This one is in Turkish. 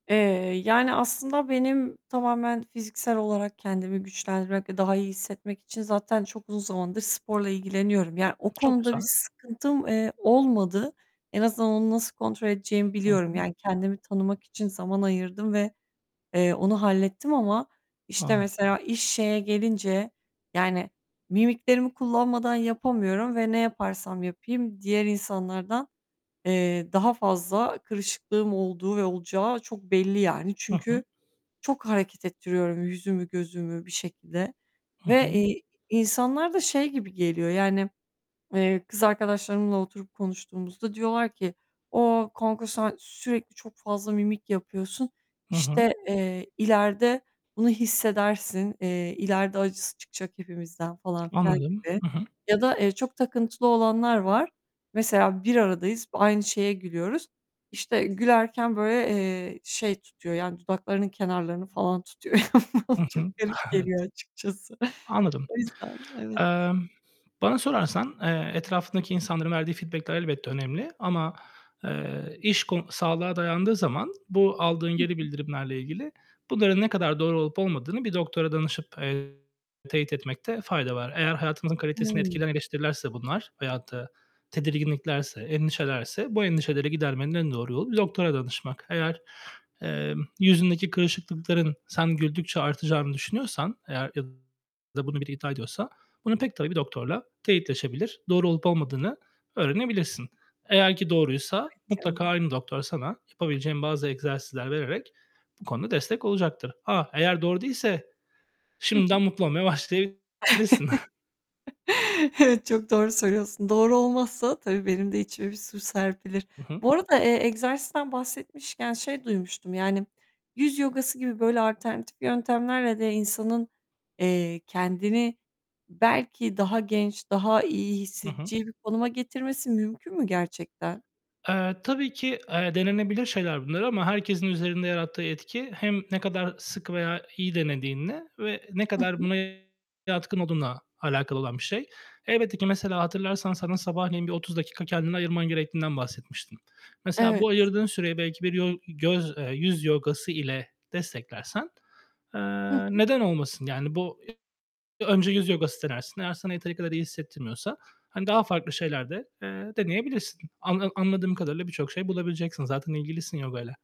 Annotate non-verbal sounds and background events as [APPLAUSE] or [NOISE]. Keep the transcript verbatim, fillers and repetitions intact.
Eee, yani, aslında benim tamamen fiziksel olarak kendimi güçlendirmek ve daha iyi hissetmek için zaten çok uzun zamandır sporla ilgileniyorum. Yani, o Çok konuda güzel. bir sıkıntım, eee, olmadı. En azından onu nasıl kontrol edeceğimi Hı biliyorum. hı. Yani, kendimi tanımak için zaman ayırdım ve, eee, onu hallettim ama, işte, Anladım. mesela iş şeye gelince, yani, mimiklerimi kullanmadan yapamıyorum ve ne yaparsam yapayım diğer insanlardan, eee, daha fazla kırışıklığım olduğu ve olacağı çok belli yani. Hı Çünkü hı. çok hareket ettiriyorum yüzümü, gözümü bir şekilde Hı ve, hı. eee, insanlara da şey gibi geliyor; yani, eee, kız arkadaşlarımla oturup konuştuğumuzda diyorlar ki "A, kanka sen sürekli çok fazla mimik yapıyorsun, Hı hı. işte, eee, ileride bunu hissedersin, eee, ileride acısı çıkacak hepimizden." falan, filan Anladım. gibi. Hı hı. Ya da, eee, çok takıntılı olanlar var; mesela bir aradayız, b aynı şeye gülüyoruz. İşte, gülerken, böyle, eee, şey tutuyor, yani, dudaklarının kenarlarını falan tutuyor. Yani, bana Hı çok hı. garip Evet. geliyor açıkçası. Anladım. O yüzden, evet. Emm, bana sorarsan, eee, etrafındaki insanların verdiği feedback'ler elbette önemli ama, eee, iş ko sağlığa dayandığı zaman bu aldığın Hı geri hı. bildirimlerle ilgili bunların ne kadar doğru olup olmadığını bir doktora danışıp, eee, teyit etmekte fayda var. Eğer hayatınızın kalitesini Hıı. etkileyen eleştirilirse bunlar veyahut da tedirginliklerse, endişelerse bu endişeleri gidermenin en doğru yolu bir doktora danışmak. Eğer, emm, yüzündeki kırışıklıkların sen güldükçe artacağını düşünüyorsan, eğer ya da bunu biri iddia ediyorsa bunu pek tabii bir doktorla teyitleşebilir, doğru olup olmadığını öğrenebilirsin. Eğer ki doğruysa Evet, mutlaka ya. aynı doktor sana yapabileceğin bazı egzersizler vererek bu konuda destek olacaktır. A! Eğer doğru değilse Hı şimdiden hı. mutlu olmaya başlayabilirsin. [GIGGLES] [CHUCKLES] Evet, çok doğru söylüyorsun. Doğru olmazsa tabii, benim de içime bir su serpilir. I hı. Bu arada, eee, egzersizden bahsetmişken şey duymuştum; yani, yüz yogası gibi, böyle, alternatif yöntemlerle de insanın, eee, kendini belki daha genç, daha iyi Hı hı. hissedeceği bir konuma getirmesi mümkün mü gerçekten? Eee, tabii ki, eee, denenebilir şeyler bunlar ama herkesin üzerinde yarattığı etki hem ne kadar sık veya iyi denediğinle ve ne Hı kadar hı. buna yatkın olduğunla alakalı olan bir şey. Elbette ki mesela hatırlarsan sana sabahleyin bir otuz dakika kendini ayırman gerektiğinden bahsetmiştim. Mesela bu Evet. ayırdığın süreyi belki bir yol göz eee, yüz yogası ile desteklersen, eee, Hı hı. neden olmasın? Yani, bu [UNINTELLIGIBLE] önce yüz yogası denersin, eğer sana yeteri kadar iyi hissettirmiyorsa, hani, daha farklı şeyler de, eee, deneyebilirsin. Anla anladığım kadarıyla birçok şey bulabileceksin zaten ilgilisin yogayla.